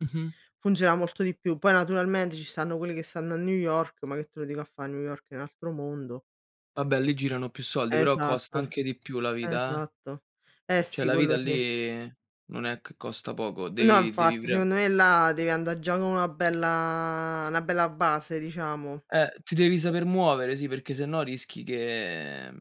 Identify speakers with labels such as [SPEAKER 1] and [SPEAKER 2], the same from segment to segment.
[SPEAKER 1] Mh-mh.
[SPEAKER 2] Funziona molto di più. Poi naturalmente ci stanno quelli che stanno a New York, ma che te lo dico a fare, New York è un altro mondo.
[SPEAKER 1] Vabbè lì
[SPEAKER 2] E
[SPEAKER 1] girano più soldi, però costa
[SPEAKER 2] esatto,
[SPEAKER 1] anche di più la vita, eh.
[SPEAKER 2] esatto. Eh
[SPEAKER 1] Cioè
[SPEAKER 2] sì,
[SPEAKER 1] la
[SPEAKER 2] quello
[SPEAKER 1] vita
[SPEAKER 2] sì.
[SPEAKER 1] lì non è che costa poco,
[SPEAKER 2] No,
[SPEAKER 1] devi devi
[SPEAKER 2] infatti
[SPEAKER 1] pre
[SPEAKER 2] secondo me là devi andà già con una bella una bella base, diciamo.
[SPEAKER 1] Eh, ti devi saper muovere, sì, perché sennò rischi che, mhmm,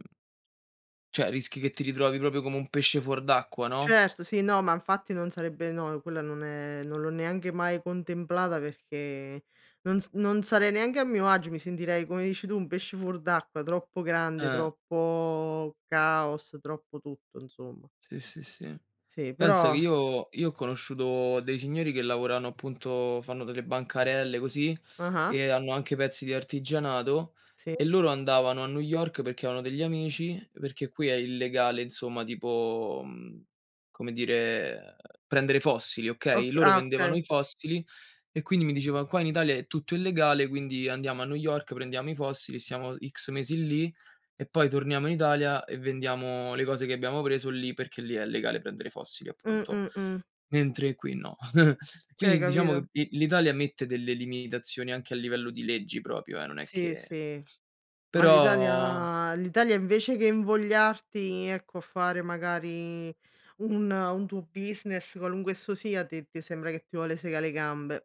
[SPEAKER 1] cioè rischi che ti ritrovi proprio come un pesce fuor d'acqua, no?
[SPEAKER 2] Certo, sì, no, ma infatti non sarebbe no, quella non è non l'ho neanche mai contemplata, perché non s non sarei neanche a mio agio, mi sentirei, come dici tu, un pesce fuor d'acqua. Troppo grande,
[SPEAKER 1] Eh.
[SPEAKER 2] troppo caos, troppo tutto, insomma.
[SPEAKER 1] Sì, sì, sì.
[SPEAKER 2] Sì,
[SPEAKER 1] Pensa
[SPEAKER 2] però
[SPEAKER 1] che io io ho conosciuto dei signori che lavorano appunto fanno delle bancarelle così
[SPEAKER 2] Ah-ah.
[SPEAKER 1] e hanno anche pezzi di artigianato,
[SPEAKER 2] Sì.
[SPEAKER 1] e loro andavano a New York perché avevano degli amici, perché qui è illegale, insomma, tipo, mhmm, come dire, prendere fossili,
[SPEAKER 2] Ok
[SPEAKER 1] okay? Loro
[SPEAKER 2] ah,
[SPEAKER 1] vendevano
[SPEAKER 2] okay.
[SPEAKER 1] i fossili e quindi mi dicevano: “Qua in Italia è tutto illegale, quindi andiamo a New York, prendiamo i fossili, siamo X mesi lì e poi torniamo in Italia e vendiamo le cose che abbiamo preso lì, perché lì è legale prendere i fossili,
[SPEAKER 2] Mh,
[SPEAKER 1] appunto.
[SPEAKER 2] mh, mh.
[SPEAKER 1] Mentre qui no.”
[SPEAKER 2] Cioè,
[SPEAKER 1] Quindi diciamo che
[SPEAKER 2] capito?
[SPEAKER 1] l l'Italia mette delle limitazioni anche a livello di leggi proprio, e non è
[SPEAKER 2] Sì,
[SPEAKER 1] che
[SPEAKER 2] sì, ma
[SPEAKER 1] però
[SPEAKER 2] l'Italia l'Italia invece che invogliarti, ecco, a fare magari un un tuo business, qualunque esso sia, ti ti sembra che ti vuole segà le gambe.